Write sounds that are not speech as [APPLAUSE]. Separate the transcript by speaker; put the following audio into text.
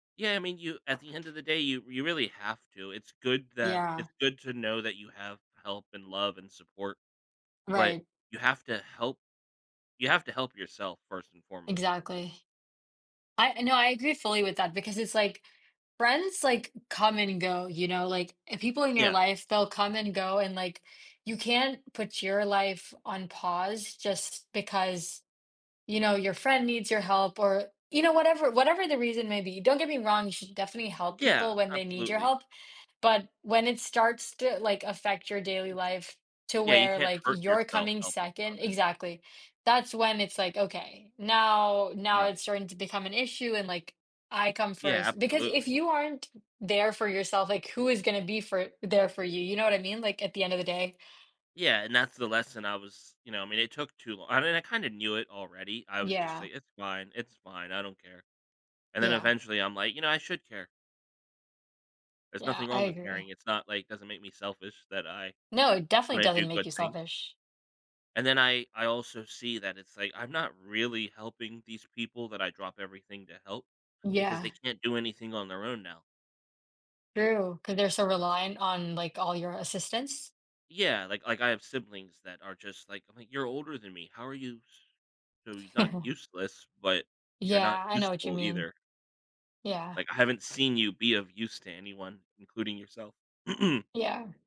Speaker 1: Yeah, I mean, you at the end of the day, you you really have to, it's good that
Speaker 2: Yeah.
Speaker 1: it's good to know that you have help and love and support, but
Speaker 2: Right.
Speaker 1: you have to help you have to help yourself first and foremost.
Speaker 2: Exactly. I I know, I agree fully with that because it's, like, friends, like, come and go, you know, like, if people in your
Speaker 1: Yeah.
Speaker 2: life, they'll come and go and, like, you can't put your life on pause just because, you know, your friend needs your help or you know, whatever whatever the reason may be, don't get me wrong, you should definitely help people
Speaker 1: Yeah,
Speaker 2: when they need your
Speaker 1: absolutely.
Speaker 2: help, but when it starts to, like, affect your daily life to
Speaker 1: Yeah, you
Speaker 2: where,
Speaker 1: can't
Speaker 2: like,
Speaker 1: hurt
Speaker 2: you're
Speaker 1: yourself
Speaker 2: coming
Speaker 1: helping
Speaker 2: 2nd
Speaker 1: others.
Speaker 2: exactly, that's when it's like, "Okay, now now it's
Speaker 1: Right.
Speaker 2: starting to become an issue and, like, I come
Speaker 1: Yeah,
Speaker 2: 1st," because if
Speaker 1: absolutely.
Speaker 2: you aren't there for yourself, like, who is gonna be for there for you, you know what I mean, like, at the end of the day.
Speaker 1: Yeah, and that's the lesson I was you know, I mean, it took too long I mean, I kinda knew it already, I was just
Speaker 2: Yeah.
Speaker 1: like, "It's fine, it's fine, I don't care," and then
Speaker 2: Yeah.
Speaker 1: eventually I'm like, "You know, I should care." There's
Speaker 2: Yeah,
Speaker 1: nothing
Speaker 2: I
Speaker 1: wrong with caring,
Speaker 2: agree.
Speaker 1: it's not, like it doesn't make me selfish that I
Speaker 2: No, it definitely
Speaker 1: when I do
Speaker 2: doesn't make
Speaker 1: good
Speaker 2: you
Speaker 1: things
Speaker 2: selfish.
Speaker 1: and then I I also see that it's, like, I'm not really helping these people that I drop everything to help, because they
Speaker 2: Yeah.
Speaker 1: can't do anything on their own now.
Speaker 2: True, 'cause they're so reliant on, like, all your assistance.
Speaker 1: Yeah, like like I have siblings that are just, like I'm like, "You're older than me, how are you, s so, you're not
Speaker 2: [CHUCKLES]
Speaker 1: useless, but you're not
Speaker 2: Yeah, I know what you
Speaker 1: useful
Speaker 2: mean,
Speaker 1: either."
Speaker 2: yeah.
Speaker 1: Like, I haven't seen you be of use to anyone, including yourself.
Speaker 2: Yeah.